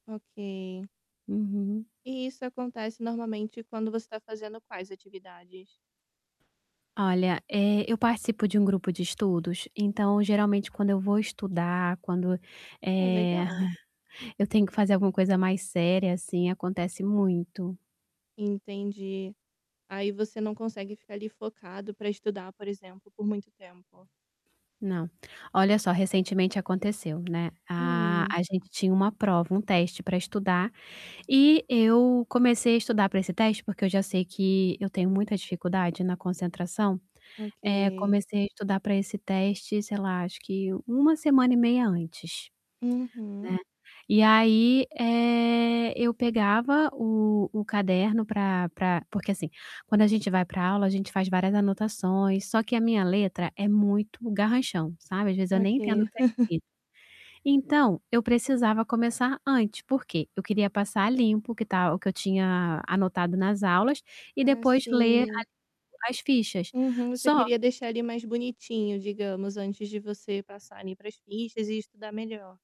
Ok. Uhum. E isso acontece normalmente quando você está fazendo quais atividades? Olha, eh, eu participo de um grupo de estudos, então geralmente quando eu vou estudar, quando, Ah, eh, legal. eu tenho que fazer alguma coisa mais séria, assim, acontece muito. Entendi. Aí você não consegue ficar ali, focado pra estudar, por exemplo, por muito tempo. Não. Olha só, recentemente aconteceu, né, a Hum. a gente tinha uma prova um teste para estudar, e eu comecei a estudar para esse teste, porque eu já sei que eu tenho muita dificuldade na concentração, eh, Ok. comecei a estudar para esse teste, sei lá, acho que 1 semana e meia antes, né, Uhum. e aí, eh, eu pegava o o caderno pra pra porque, assim, quando a gente vai pra aula, a gente faz várias anotações, só que a minha letra é muito garranchão, sabe, às vezes eu nem entendo o Ok. que está escrito. Então, eu precisava começar antes. Por quê? Eu queria passar a limpo o que tá o que eu tinha anotado nas aulas e Ah, depois ler a sim. as fichas. Uhum, você Só queria deixar ele mais bonitinho, digamos, antes de você passar ali, para as pistas e estudar melhor.